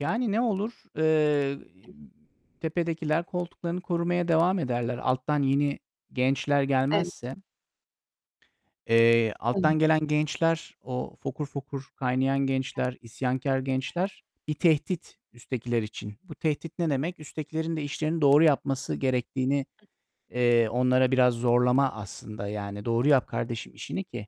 Yani, ne olur, eee, tepedekiler koltuklarını korumaya devam ederler. Alttan yeni gençler Evet. gelmezse eee, Evet. alttan gelen gençler, o fokur fokur kaynayan gençler, isyankâr [unintelligible] gençler bir tehdit üsttekiler için. Bu tehdit ne demek? Üsttekilerin de işlerini doğru yapması gerektiğini, eee, onlara biraz zorlama aslında. Yani, "Doğru yap kardeşim işini ki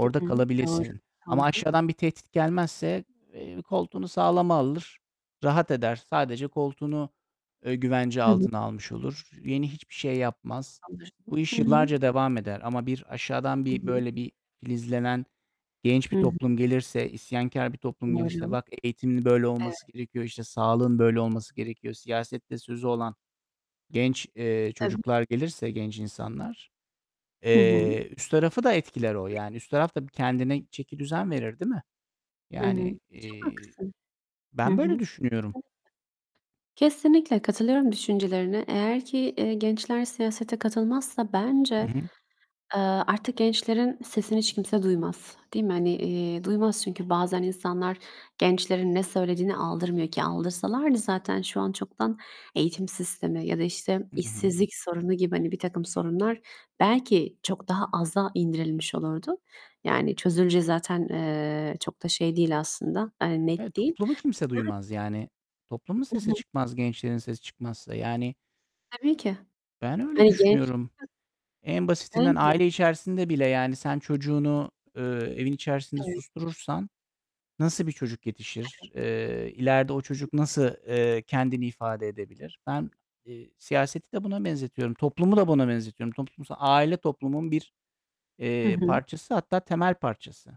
Hı hı. Doğru, kalabilesin." Ama doğru. aşağıdan bir tehdit gelmezse, eee, koltuğunu sağlama alır, rahat eder. Sadece koltuğunu, eee, güvence Hı hı. altına almış olur. Yeni hiçbir şey yapmaz. Bu Anlaşılan Hı iş hı. yıllarca devam eder. Ama bir aşağıdan Hı bir hı. böyle bir filizlenen genç Hı bir hı toplum gelirse, isyankâr bir toplum gelirse Doğru. "Bak, eğitimin böyle Eve olması gerekiyor, işte, sağlığın böyle olması gerekiyor." Siyasette sözü olan genç, eee, Tabii. çocuklar gelirse, genç insanlar, Hı hı. eee, üst tarafı da etkiler o, yani üst taraf da kendine çekidüzen verir, değil mi? Hı hı. Yani, Çok iii, haklısın. Hı ben böyle hı. düşünüyorum. [unintelligible] Kesinlikle katılıyorum düşüncelerine. Eğer ki, eee, gençler siyasete katılmazsa bence, Hı hı. eee, artık gençlerin sesini hiç kimse duymaz. Değil mi? Hani, eee, duymaz. Çünkü bazen insanlar gençlerin ne söylediğine aldırmıyor ki. Aldırsalardı zaten şu an çoktan eğitim sistemi ya da, işte, I hı. işsizlik sorunu gibi, hani, birtakım sorunlar belki çok daha aza indirilmiş olurdu. Yani, çözüleceği zaten, eee, çok da şey değil aslında, hani, net Evet, değil. toplumu kimse [unintelligible] duymaz. Yani toplumun I sesi hı. çıkmaz, gençlerin sesi çıkmazsa. Yani Tabii ki. Ben öyle Hani genç düşünüyorum. [unintelligible] En basitinden [unintelligible] aile içerisinde bile yani sen çocuğunu, eee, evin içerisinde Evet. susturursan nasıl bir çocuk Evet. yetişir? Eee, ileride o çocuk nasıl, eee, kendini ifade edebilir? Ben, eee, siyaseti de buna benzetiyorum, toplumu da buna benzetiyorum. Toplums aile toplumun bir, Hı eee, hı. parçası, hatta temel parçası.